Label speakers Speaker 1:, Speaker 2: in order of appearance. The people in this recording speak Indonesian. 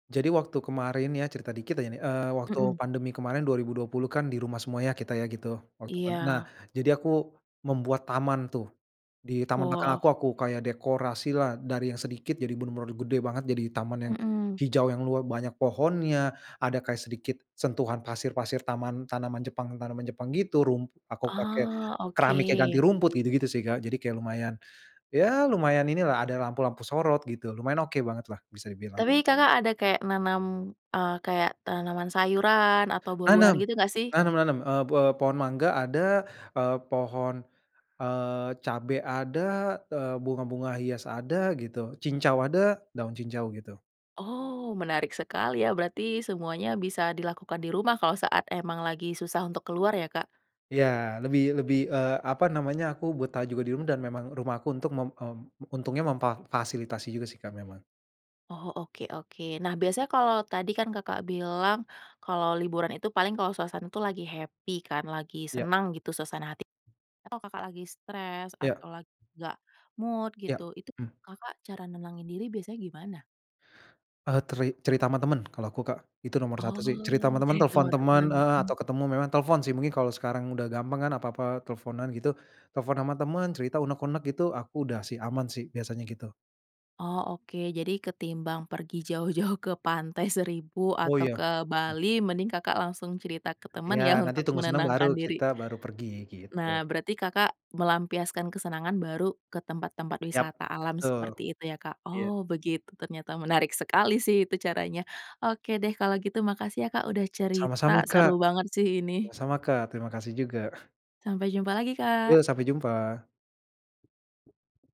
Speaker 1: Jadi waktu kemarin ya cerita dikit ya nih. Eee, waktu
Speaker 2: Mmm.
Speaker 1: pandemi kemarin 2020 kan di rumah semua ya kita ya gitu, waktu pan nah,
Speaker 2: Iya.
Speaker 1: jadi aku membuat taman tuh. Di taman belakang
Speaker 2: Wah.
Speaker 1: aku aku kayak dekorasilah dari yang sedikit jadi bener-bener gede banget. Jadi taman yang
Speaker 2: Mmm.
Speaker 1: hijau yang lua banyak pohonnya, ada kayak sedikit sentuhan pasir-pasir taman tanaman Jepang tanaman Jepang gitu, rum aku pakai
Speaker 2: Ah,
Speaker 1: keramik yang ganti
Speaker 2: oke.
Speaker 1: rumput gitu-gitu sih, Kak. Jadi kayak lumayan, ya lumayan inilah ada lampu-lampu sorot gitu lumayan oke bangetlah bisa dibilang.
Speaker 2: Tapi Kakak ada kayak nanam, eee, kayak tanaman sayuran atau buah-buahan
Speaker 1: Nanam.
Speaker 2: gitu gak sih?
Speaker 1: Nanam nanam, eee, be pohon mangga ada, eee, pohon, eee, cabe ada, eee, bunga-bunga hias ada gitu, cincau ada, daun cincau gitu.
Speaker 2: Oh, menarik sekali ya berarti semuanya bisa dilakukan di rumah kalau saat emang lagi susah untuk keluar ya, Kak?
Speaker 1: Ya, lebih lebih eee, apa namanya aku betah juga di rumah dan memang rumahku untuk mem mmm, untungnya memfa fasilitasi juga sih, Kak, memang.
Speaker 2: Oh, oke oke. Nah, biasanya kalau tadi kan Kakak bilang kalau liburan itu paling kalau suasana itu lagi happy kan, lagi
Speaker 1: Iya.
Speaker 2: senang gitu suasana hati, kalau Kakak lagi stres
Speaker 1: Iya.
Speaker 2: atau lagi gak mood gitu,
Speaker 1: Iya,
Speaker 2: itu
Speaker 1: hmm.
Speaker 2: Kakak cara nenangin diri biasanya gimana?
Speaker 1: Eee, teri cerita sama temen kalau aku, Kak, itu nomor satu sih. Cerita
Speaker 2: Oh,
Speaker 1: sama temen,
Speaker 2: cerita
Speaker 1: telfon
Speaker 2: sama teman,
Speaker 1: temen, eee,
Speaker 2: mhm.
Speaker 1: atau ketemu, memang telfon sih mungkin kalo sekarang udah gampang kan apa-apa telfonan gitu, telfon sama temen cerita unek-unek gitu aku udah sih aman sih biasanya gitu.
Speaker 2: Oh, oke. Jadi ketimbang pergi jauh-jauh ke pantai Seribu
Speaker 1: Oh,
Speaker 2: atau
Speaker 1: iya.
Speaker 2: ke
Speaker 1: Mmm.
Speaker 2: Bali mending Kakak langsung cerita ke teman
Speaker 1: Iya,
Speaker 2: ya
Speaker 1: nanti
Speaker 2: untuk
Speaker 1: tunggu senang baru
Speaker 2: menenangkan diri?
Speaker 1: kita baru pergi, gitu.
Speaker 2: Nah, berarti Kakak melampiaskan kesenangan baru ke tempat-tempat
Speaker 1: Yap,
Speaker 2: wisata alam
Speaker 1: betul.
Speaker 2: seperti itu ya, Kak?
Speaker 1: Iya.
Speaker 2: Oh, begitu ternyata menarik sekali sih itu caranya. Oke deh kalau gitu makasih ya, Kak, udah cerita
Speaker 1: Sama-sama, Kak
Speaker 2: seru banget sih ini.
Speaker 1: sama-sama, Kak. Terima kasih juga.
Speaker 2: Sampai jumpa lagi,
Speaker 1: Yo,
Speaker 2: Kak.
Speaker 1: sampai jumpa.